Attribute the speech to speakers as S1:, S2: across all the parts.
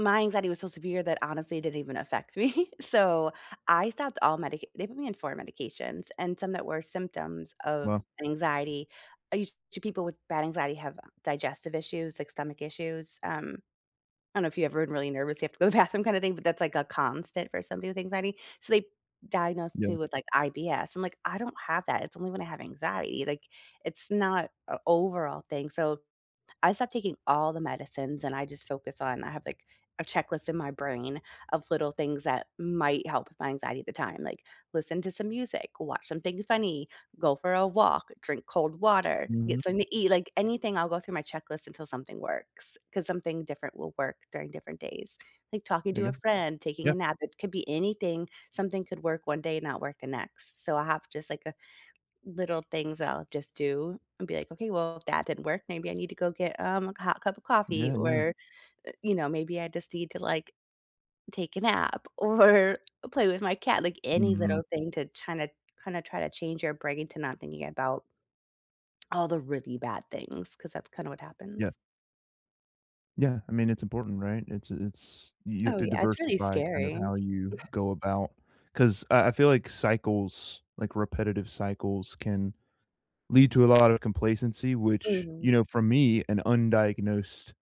S1: My anxiety was so severe that honestly, it didn't even affect me so, I stopped all medic they put me on 4 medications and some that were symptoms of
S2: Wow.
S1: an anxiety. I used to people with bad anxiety have digestive issues, like stomach issues, um I don't know if you ever been really nervous, you have to go to the bathroom kind of thing, but that's, like, a constant for somebody with anxiety. So, they diagnosed
S2: Yeah.
S1: me with, like, IBS, I'm, like, "I don't have that. It's only when I have anxiety, like, it's not a overall thing". So, I stopped taking all the medicines and I just focus on I have like a checklist in my brain of little things that might help with my anxiety at the time, like, listen to some music, watch something funny, go for a walk, drink cold water,
S2: Mhm.
S1: get something to eat, like anything I'll go through my checklist until something works 'cause something different will work during different days. Like talking
S2: Say
S1: to a
S2: again?
S1: friend, taking
S2: Yeah.
S1: a nap, it could be anything. Something could work one day and not work the next. So, I have just like a little things that I'll just do and be, like, "Okay, well, if that didn't work, maybe I need to go get, um, a hot cup of coffee
S2: Yeah. Yeah.
S1: or, uh, you know, maybe I just need to like take a nap or play with my cat", like any
S2: Mhm.
S1: little thing to try to kinda try to change your brain to not thinking about all the really bad things 'cause that's kinda what
S2: Yep.
S1: happens.
S2: Yeah. I mean, it's important right? It's a it's you have
S1: Oh,
S2: to
S1: yeah. It's really
S2: diversify kind of
S1: scary.
S2: how you go about 'Cause I I feel like cycles, like repetitive cycles can lead to a lot of complacency, which, you
S1: Mhm.
S2: know, for me, an undiagnosed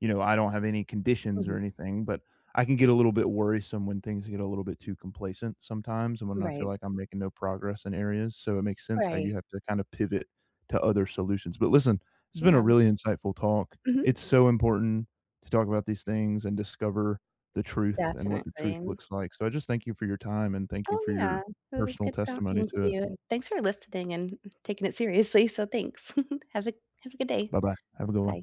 S2: you know, I don't have any conditions or
S1: Mhm.
S2: anything, but I can get a little bit worrisome when things get a little bit too complacent sometimes, and when I feel
S1: Right.
S2: like I'm making no progress in areas. So, it makes sense how you
S1: Right.
S2: have to kind of pivot to other solutions, but listen it's been a
S1: Yeah.
S2: really insightful talk.
S1: Mhm.
S2: It's so important to talk about these things and discover the truth and what the truth
S1: Definitely.
S2: looks like so, I just thank you for your time, and thank you
S1: Oh,
S2: for your
S1: yeah. It was
S2: personal
S1: good
S2: testimony
S1: talking to
S2: to it.
S1: you. Thanks for listening and, mm, taking it seriously, so thanks. Has a have a good day.
S2: Bye-bye. Have a good one.
S1: Bye.